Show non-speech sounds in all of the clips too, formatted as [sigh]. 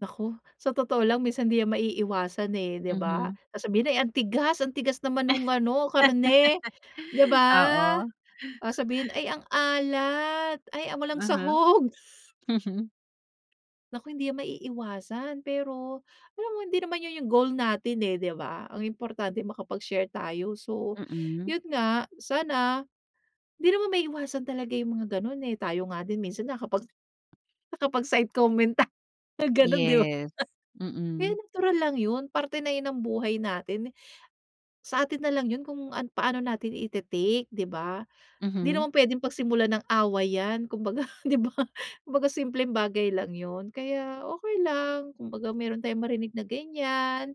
Naku, sa totoo lang minsan 'di yan maiiwasan, eh, di ba? Mhm. Sasabhihin, "Ay, ang tigas, ang tigas naman nung ano karne" Di [laughs] ba? Oo. Sasabihin, "Ay, ang alat ay a walang Mhm, sahog." mhm. Naku, hindi yan maiiwasan pero, alam mo hindi naman yun yung goal natin, eh, di ba? Ang importante makapag-share tayo so Mm. yun nga, sana, di naman maiiwasan talaga yung mga ganon, eh, tayo nga din minsan na kapag, nakapagside-comment ta na gano'n di ba? Yes, Kaya mm. natural lang yun, parte na yun ng buhay natin. Sa atin na lang yun kung an paano natin i-te-take di ba? Hindi Mhm. naman puwedeng pagsimulan ng away yan kumbaga di ba? Kumbaga simpleng bagay lang yun kaya okey lang, kumbaga mayro'n tayong marinig na ganyan,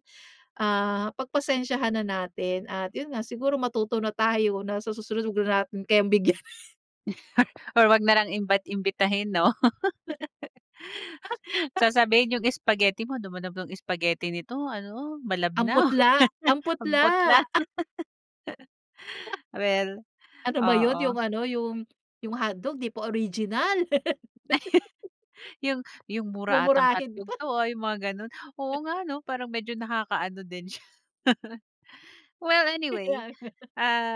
ah, pag-pasensiyahan na natin at yun nga, siguro matuto na tayo na sa susunod wag na natin kayang bigyan. [chuckles] [chuckles] Or wag na lang imbat imbitahin no? [laughs] [laughs] Sasabihin yung spaghetti mo, "'Ano ba namang spaghetti nito ano, Ang malabnaw." putla [laughs] ang Ang putla, putla. a [laughs] [laughs] Well, Ano ba yun, oo. yung ano yung, yung hotdog di pa original. Ay, [laughs] "Yung yung mura atang Mumurahin hotdog pa. to, ah," Yung mga gano'n, oo nga [chuckles] 'no, parang medyo nakaka-ano din siya. Well anyway, Kaya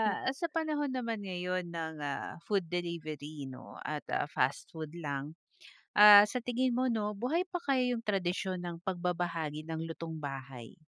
nga. sa panahon naman ngayon ng ah, food delivery 'no at ah, fast food lang. Ah, sa tingin mo 'no, buhay pa kaya yung tradisyon ng pagbabahagi ng lutong bahay?